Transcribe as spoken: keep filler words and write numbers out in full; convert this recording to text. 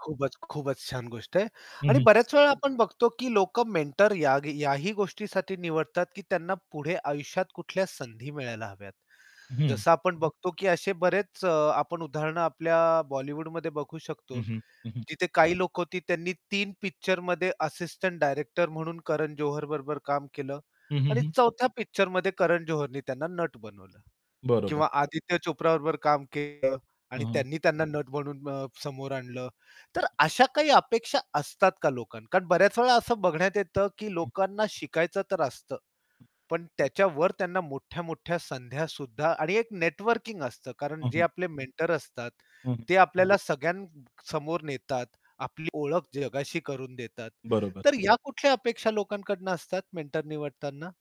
खूपच, खूपच छान गोष्ट आहे. हं, आणि हं. बऱ्याच वेळा आपण बघतो, की लोक मेंटर यागी याही गोष्टीसाठी निवडतात, की त्यांना पुढे आयुष्यात कुठल्या संधी मिळायला हव्यात. हं. जसं आपण बघतो, की असे बरेच अ, आपण उदाहरणे आपल्या बॉलिवूडमध्ये बघू शकतो. हं, हं. हं, हं. जिथे काही लोकं होती त्यांनी तीन पिक्चरमध्ये असिस्टंट डायरेक्टर म्हणून करण जोहर बरोबर काम केलं. हं, हं, आणि हं. चौथ्या पिक्चरमध्ये करण जोहरने त्यांना नट बनवलं. बरोबर. किंवा आदित्य चोप्रा बरोबर काम केलं हं, आणि हं. त्यांनी त्यांना नट म्हणून अ, समोर आणलं. तर अशा काही अपेक्षा असतात का लोकांना? कारण बऱ्याच वेळा असं बघण्यात येतं, की हं. लोकांना शिकायचं तर असतं, हं. पण त्याच्यावर त्यांना मोठ्या-मोठ्या संध्यासुद्धा आणि एक नेटवर्किंग असतं. कारण हं, जे हं. आपले मेंटर असतात, हं, हं. ते आपल्याला सगळ्यांसमोर नेतात. आपली ओळख जगाशी करून देतात. बरोबर. तर या कुठल्या अपेक्षा लोकांकडनं असतात मेंटर निवडताना?